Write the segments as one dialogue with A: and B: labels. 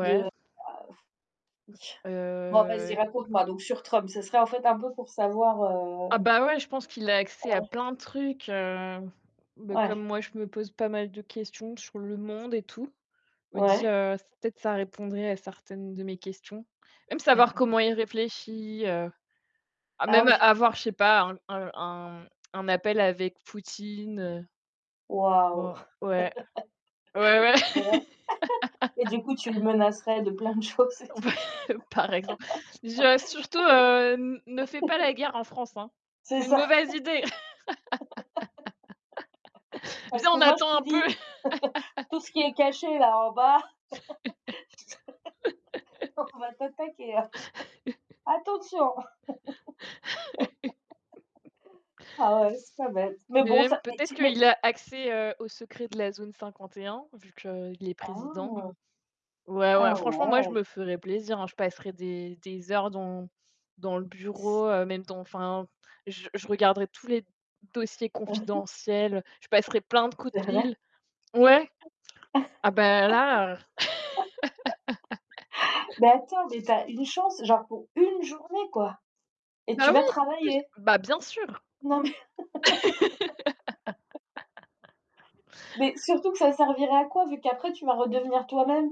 A: De, bah, [unintelligible] bon vas-y
B: Heu
A: raconte-moi donc sur Trump, ce serait en fait un peu pour savoir,
B: Ah
A: heu
B: bah, ouais, je pense qu'il a accès à
A: Ouais.
B: plein de trucs, heu, bah, comme
A: Ouais.
B: moi, je me pose pas mal de questions sur le monde et tout, je me dis,
A: Ouais.
B: heu, peut-être ça répondrait à certaines de mes questions. Même savoir comment il réfléchit, heu, à
A: Ah
B: même
A: oui.
B: avoir, je sais pas, un un un appel avec Poutine, heu Tu
A: Waouh,
B: vois? Ouais, ouais, ouais.
A: ouais. Et du coup, tu le menacerais de plein de choses, et
B: Par
A: tout?
B: e par exemple, je surtout, heu, ne fais pas la guerre en France, hein.
A: C'est
B: C'est une
A: ça.
B: mauvaise idée.
A: Parce
B: Viens,
A: que
B: on
A: moi, je
B: attend un
A: te
B: peu.
A: dis, tout ce qui est caché là en bas, on va t'attaquer, hein. Attention. Ah ouais, c'est pas bête. Mais
B: Beh,
A: bon,
B: même
A: ça, mais
B: peut-être
A: tu mais
B: qu'il a accès, heu, aux secrets de la zone 51, vu que, heu, il est président.
A: Ah.
B: Ouais, ouais,
A: Ah
B: franchement, moi, je
A: ouais.
B: me ferais plaisir, hein, je passerais des des heures dans dans le bureau, heu, même dans enfin, je je regarderai tous les dossiers
A: [unintelligible]
B: confidentiels, je passerais plein de coups de
A: C'est vrai?
B: fil. Ouais. Ah bah là.
A: Bah, attends, mais tu as une chance, genre pour 1 journée, quoi, et tu
B: Bah
A: vas
B: oui, [unintelligible]
A: travailler.
B: bah, bien sûr.
A: Non mais Mais, surtout que ça servirait à quoi vu qu'après tu vas redevenir toi-même?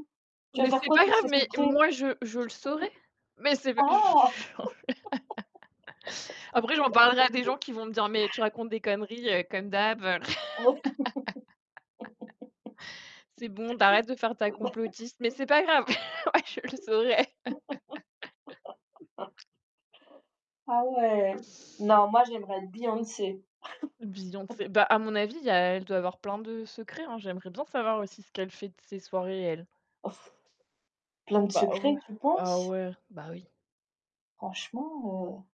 A: Tu vas
B: Beh,
A: faire
B: c'est
A: quoi de
B: pas
A: tous
B: grave,
A: ces
B: mais
A: secrets?
B: moi, je je le saurais. Mais c'est bah je je
A: Ah.
B: après, j'en parlerais à des gens qui vont me dire: «Mais tu racontes des conneries, heu, comme d'hab.
A: Ouais.
B: C'est bon, tu arrêtes de faire ta
A: Heu bah
B: complotiste», mais c'est pas grave. Ouais, je le saurais.
A: Ah, ouais! Non, moi j'aimerais être Beyoncé.
B: Beyoncé bah, à mon avis, il y a elle doit avoir plein de secrets, hein. J'aimerais bien savoir aussi ce qu'elle fait de ses soirées, elle.
A: Oh. Plein de
B: Bah,
A: secrets,
B: ouais,
A: tu
B: ah,
A: penses?
B: ouais, bah oui.
A: Franchement, heu